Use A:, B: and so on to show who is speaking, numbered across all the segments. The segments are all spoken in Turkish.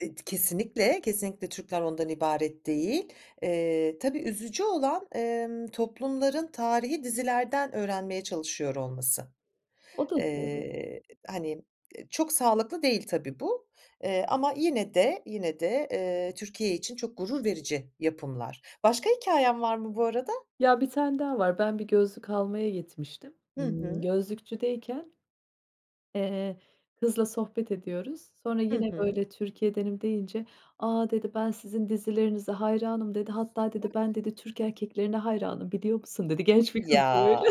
A: Eee, d kesinlikle, kesinlikle Türkler ondan ibaret değil. Eee, tabii, üzücü olan, emm, toplumların tarihî dizilerden öğrenmeye çalışıyor olması.
B: O da doğru.
A: Eee, hani, ııı, çok sağlıklı değil tabii bu, eee, ama yine de, yine de, eee, Türkiye için çok gurur verici yapımlar. Başka hikâyen var mı bu arada?
B: Ya, 1 tane daha var. Ben bir gözlük almaya gitmiştim.
A: Hı
B: Imm,
A: hı.
B: gözlükçüdeyken. Eee, kızla sohbet ediyoruz. Sonra
A: Hı
B: yine
A: hı.
B: böyle Türkiye'denim deyince, "A," dedi. "Ben sizin dizilerinize hayranım" dedi. "Hatta" dedi
A: [unintelligible]
B: "ben" dedi "Türk erkeklerine hayranım biliyor musun?" dedi. Genç bir kızdı böyle.
A: Ya,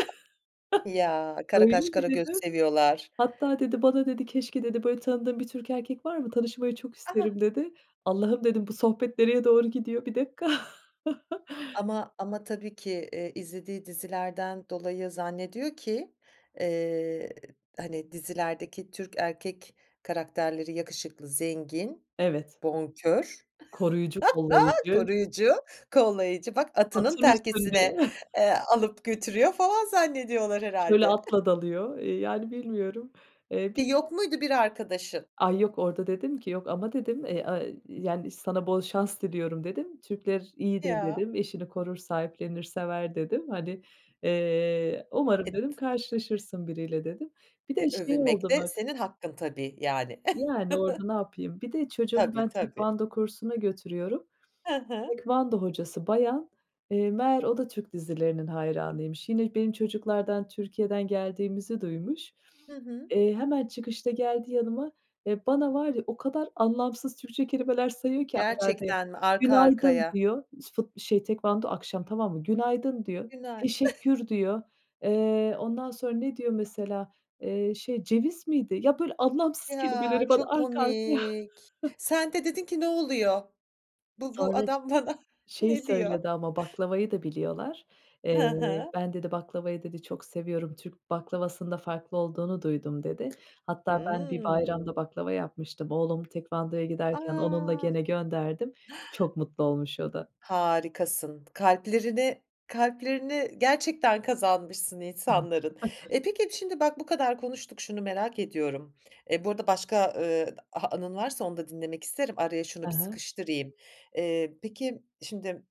A: ya, kara
B: "Öyle
A: kaş
B: mi?"
A: kara göz
B: dedim?
A: seviyorlar.
B: "Hatta" dedi "bana" dedi "keşke" dedi, "böyle tanıdığın bir Türk erkek var mı? Tanışmayı çok
A: A!
B: isterim" dedi. "Allah'ım," dedim "bu sohbet nereye doğru gidiyor?" 1 dakika!
A: Ama ama tabii ki, iii, izlediği dizilerden dolayı zannediyor ki, eee, hani dizilerdeki Türk erkek karakterleri yakışıklı, zengin,
B: Evet.
A: bonkör,
B: Koruyucu kollayıcı.
A: koruyucu, kollayıcı, bak atının
B: Atın üstünde.
A: telkisine, eee, alıp götürüyor falan zannediyorlar
B: Şöyle
A: herhâlde.
B: atla dalıyor, ııı, yani bilmiyorum. Eee, bir
A: E,
B: de
A: yok muydu bir arkadaşın?
B: Ay, yok, orada dedim ki "yok ama" dedim. Eee, aaa, yani "sana bol şans diliyorum." dedim. "Türkler iyidir"
A: Ya.
B: dedim, "eşini korur, sahiplenir, sever" dedim. Hani, eee,
A: E,
B: "umarım"
A: t
B: dedim
A: [unintelligible]
B: "karşılaşırsın biriyle." dedim. Bir
A: E,
B: de şey
A: övünmek
B: oldu
A: de,
B: bak.
A: senin hakkın tabii, yani.
B: Yani orada napayım? Bir de çocuğumu
A: Tabii,
B: ben
A: tabii.
B: Tekvando kursuna götürüyorum.
A: Hı hı.
B: Tekvando hocası bayan, eee, meğer o da Türk dizilerinin hayranıymış. Yine benim çocuklardan Türkiye'den geldiğimizi duymuş.
A: Hı hı.
B: Eee, hemen çıkışta geldi yanıma ve bana var ya o kadar anlamsız Türkçe kelimeler sayıyor ki aralarda,
A: Gerçekten mi, arka
B: "günaydın"
A: arkaya?
B: diyor fut şey tekvando akşam, tamam mı? "Günaydın" diyor.
A: Günaydın.
B: "Teşekkür" diyor. Eee, ondan sonra ne diyor mesela? Eee, şey, ceviz miydi? Ya böyle anlamsız
A: Ya,
B: kelimeleri bana
A: çok
B: arka arkaya
A: komik. Sen de dedin ki, "Ne oluyor? Bu bu
B: Sonra
A: adam bana
B: şeyi
A: ne diyor?"
B: söyledi ama baklavayı da biliyorlar.
A: Hı
B: Eee,
A: hı.
B: "ben" dedi "baklavayı" dedi "çok seviyorum. Türk baklavasında farklı olduğunu duydum" dedi. Hatta ben bir bayramda
A: Hımm.
B: baklava yapmıştım. Oğlum tekvandoya
A: A.
B: giderken onunla gene gönderdim. Çok mutlu olmuş o da.
A: Harikasın. K kalplerini kalplerini gerçekten kazanmışsın
B: [unintelligible]
A: insanların. E, peki, şimdi bak bu kadar konuştuk şunu merak ediyorum. E, bu arada başka, ııı, d anın varsa onu da dinlemek isterim. Araya şunu
B: Hı
A: bir
B: hı.
A: sıkıştırayım. Eee, peki şimdi